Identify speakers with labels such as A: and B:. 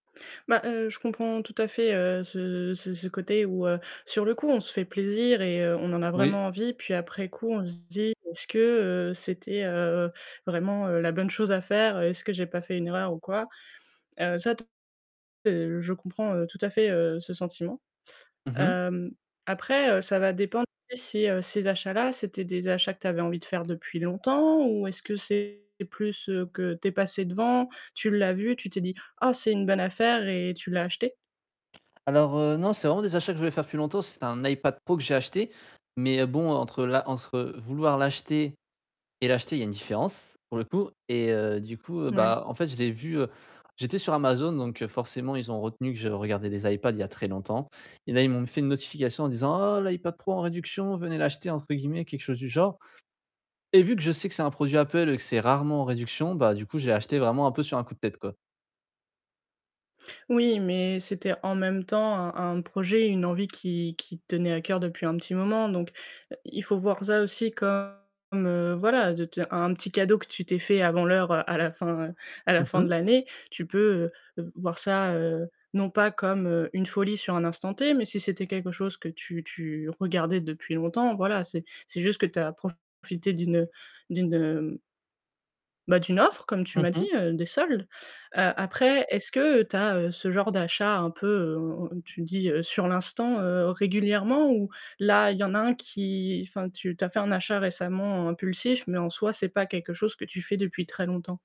A: Bah heu, je comprends tout à fait, heu, ce ce ce côté où, heu, sur le coup on se fait plaisir et heu, on en a
B: Oui.
A: vraiment envie puis après coup on se dit: «Est-ce que, heu, c'était, heu, vraiment la bonne chose à faire? Est-ce que j'ai pas fait une erreur ou quoi?» heu, ça, [unintelligible] je comprends, heu, tout à fait, heu, ce sentiment.
B: Mmh mh.
A: Hem, après, heu, ça va dépendre si, ces achats-là, c'était des achats que tu avais envie de faire depuis longtemps ou est-ce que c'est plus que tu es passé devant, tu l'as vu, tu t'es dit: «Ah, c'est une bonne affaire», et tu l'as acheté?
B: Alors, heu, non, c'est vraiment des achats que je voulais faire depuis longtemps. C'est un iPad Pro que j'ai acheté mais bon entre l'a entre vouloir l'acheter et l'acheter il y a une différence pour le coup et heu, du coup,
A: Ouais.
B: bah, en fait je l'ai vu, heu j'étais sur Amazon donc forcément ils ont retenu que je regardais des iPad il y a très longtemps et là ils m'ont fait une notification en disant: «Ah, l'iPad Pro en réduction, "venez l'acheter"» entre guillemets, quelque chose du genre et vu que je sais que c'est un produit Apple et que c'est rarement en réduction, bah, du coup, je l'ai acheté vraiment un peu sur un coup de tête quoi.
A: Oui, mais c'était en même temps un un projet, une envie qui qui te tenait à coeur depuis un petit moment donc il faut voir ça aussi comme, heu, voilà de te un petit cadeau que tu t'es fait avant l'heure à la fin à la
B: Mmh
A: fin de
B: mh.
A: l'année. Tu peux voir ça, heu, non pas comme une folie sur un instant T, mais si c'était quelque chose que tu tu regardais depuis longtemps, voilà, c'est c'est juste que tu as profité d'une d'une bah, «d'une offre», comme tu
B: Mmh
A: m'as dit,
B: mh.
A: heu, des soldes. Heu, après, est-ce que tu as, heu, ce genre d'achat un peu, heu, tu dis, heu: «Sur l'instant». Heu, régulièrement, ou là, il y en a un qui enfin, tu as fait un achat récemment impulsif, mais en soi, c'est pas quelque chose que tu fais depuis très longtemps.